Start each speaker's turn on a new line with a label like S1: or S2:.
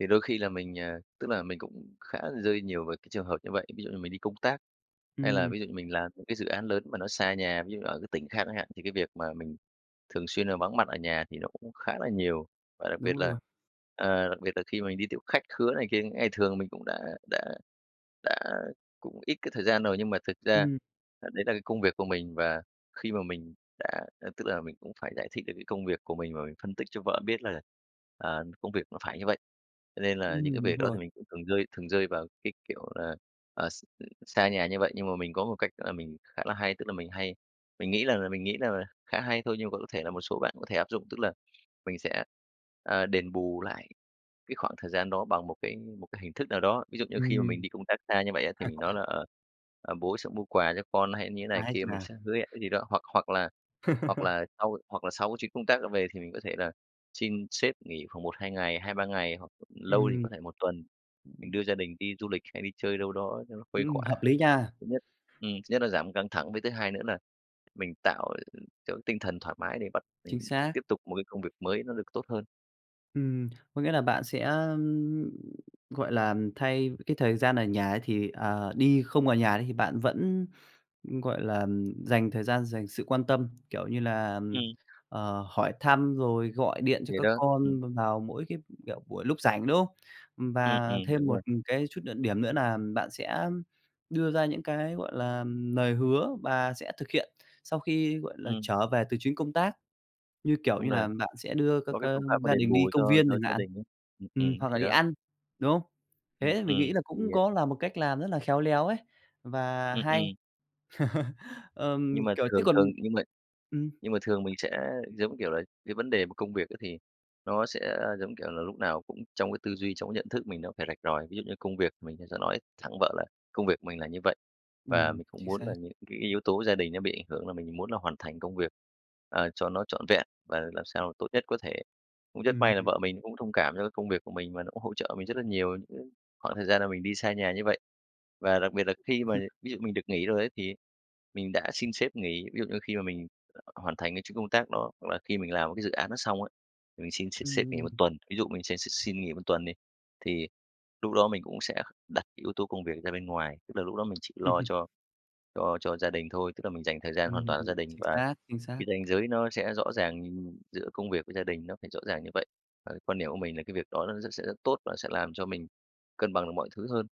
S1: Thì đôi khi là mình, ờ, tức là mình cũng khá rơi nhiều về cái trường hợp như vậy. Ví dụ như mình đi công tác, hay là
S2: Ừm.
S1: ví dụ như mình làm những cái dự án lớn mà nó xa nhà, ví dụ là ở cái tỉnh khác chẳng hạn, thì cái việc mà mình thường xuyên là vắng mặt ở nhà thì nó cũng khá là nhiều. Và đặc biệt
S2: Đúng
S1: là,
S2: luôn.
S1: ờ, đặc biệt là khi mà mình đi tiếp khách khứa này kia, những ngày thường mình cũng đã đã đã cũng ít cái thời gian rồi, nhưng mà thực ra,
S2: Ừm.
S1: à, đấy là cái công việc của mình và khi mà mình đã à, tức là mình cũng phải giải thích được cái công việc của mình và mình phân tích cho vợ biết là, à, công việc nó phải như vậy. Cho nên là những cái
S2: Ừm,
S1: việc
S2: đúng
S1: đó thì
S2: rồi.
S1: mình cũng thường rơi thường rơi vào cái kiểu là, ờ, x xa nhà như vậy, nhưng mà mình có một cách đó là mình khá là hay, tức là mình hay mình nghĩ rằng là mình nghĩ rằng là khá hay thôi nhưng mà vẫn có thể là một số bạn có thể áp dụng. Tức là, mình sẽ, à, đền bù lại cái khoảng thời gian đó bằng một cái một cái hình thức nào đó. Ví dụ như khi mà mình
S2: Ừm.
S1: đi công tác xa như vậy á, thì mình nói là, ờ, ờ, "Bố sẽ mua quà cho con" hay như thế này
S2: Ái
S1: kia,
S2: chà.
S1: mình sẽ hứa hẹn cái gì đó, hoặc hoặc là hoặc là sau hoặc là sau cái chuyến công tác đó về thì mình có thể là xin sếp nghỉ khoảng 1, 2 ngày, 2, 3 ngày hoặc lâu thì
S2: Ừm.
S1: có thể 1 tuần, mình đưa gia đình đi du lịch hay đi chơi đâu đó cho nó khuây
S2: Ừm,
S1: khỏa.
S2: hợp lý nha.
S1: Thứ nhất ừm, thứ nhất nó giảm căng thẳng, với thứ hai nữa nà mình tạo cho cái tinh thần thoải mái để bắt
S2: Chính
S1: mình
S2: xác.
S1: tiếp tục một cái công việc mới nó được tốt hơn.
S2: Ừm, có nghĩa là bạn sẽ, ưm, gọi là, thay cái thời gian ở nhà ấy, thì, ờ, đi không ở nhà đi, thì bạn vẫn, ưm, gọi là, ừm, dành thời gian, dành sự quan tâm, kiểu như là, ừm,
S1: Ừm.
S2: ờ, hỏi thăm rồi gọi điện cho
S1: Thì
S2: các
S1: đó, ừm.
S2: con b vào mỗi cái, kiểu, buổi lúc rảnh, đúng không? Ừm,
S1: Ừm,
S2: và
S1: ừm,
S2: thêm
S1: đúng
S2: một
S1: rồi.
S2: cái chút nữa điểm nữa nà bạn sẽ đưa ra những cái, gọi là, lời hứa và sẽ thực hiện sau khi, gọi là,
S1: Ừm.
S2: trở về từ chuyến công tác. Như, kiểu
S1: Đúng
S2: như
S1: rồi.
S2: là, bạn sẽ đưa các,
S1: Có cái
S2: ơ,
S1: phương pháp mà
S2: gia
S1: đền
S2: đình đi
S1: bù
S2: công
S1: cho
S2: viên
S1: cho
S2: chẳng
S1: gia
S2: hạn.
S1: đình ấy, ừm, ừm,
S2: Ừm, hoặc
S1: thì
S2: là đi
S1: đó.
S2: ăn, đúng không?
S1: Ừm,
S2: Thế mình
S1: ừm,
S2: nghĩ là
S1: thì
S2: cũng có là một cách làm rất là khéo léo ấy và
S1: Ừm,
S2: hay.
S1: ừm. Nhưng
S2: Ờm,
S1: mà
S2: kiểu, chứ
S1: thường
S2: còn
S1: thường nhưng mà
S2: ừm.
S1: nhưng mà thường mình sẽ giống kiểu là, cái vấn đề mà công việc ấy, thì nó sẽ, giống kiểu là, lúc nào cũng trong cái tư duy, trong cái nhận thức mình nó phải rạch ròi. Ví dụ như công việc mình sẽ sẽ nói thẳng vợ là công việc mình là như vậy, và
S2: Ừm,
S1: mình cũng
S2: chính
S1: muốn
S2: xác.
S1: là những cái yếu tố gia đình nó bị ảnh hưởng là mình muốn là hoàn thành công việc, ờ, cho nó trọn vẹn và làm sao tốt nhất có thể. Cũng rất
S2: Ừm,
S1: may là
S2: ừm.
S1: vợ mình cũng thông cảm cho cái công việc của mình và nó cũng hỗ trợ mình rất là nhiều những khoảng thời gian là mình đi xa nhà như vậy. Và đặc biệt là khi mà ví dụ mình được nghỉ rồi ấy, thì mình đã xin sếp nghỉ, ví dụ như khi mà mình hoàn thành cái chuyến công tác đó, hoặc là khi mình làm một cái dự án đó xong á, thì mình xin s sếp nghỉ
S2: Ừm.
S1: 1 tuần. Ví dụ mình sẽ x xin nghỉ 1 tuần đi, thì lúc đó mình cũng sẽ đặt cái yếu tố công việc ra bên ngoài, tức là lúc đó mình chỉ lo
S2: Ừm.
S1: cho cho cho gia đình thôi, tức là mình dành thời gian hoàn
S2: Ừm,
S1: toàn cho gia đình
S2: chính
S1: và
S2: xác, chính xác.
S1: cái ranh giới nó sẽ rõ ràng giữa công việc với gia đình, nó phải rõ ràng như vậy. Và cái quan điểm của mình là cái việc đó nó rất sẽ rất tốt và sẽ làm cho mình cân bằng được mọi thứ hơn.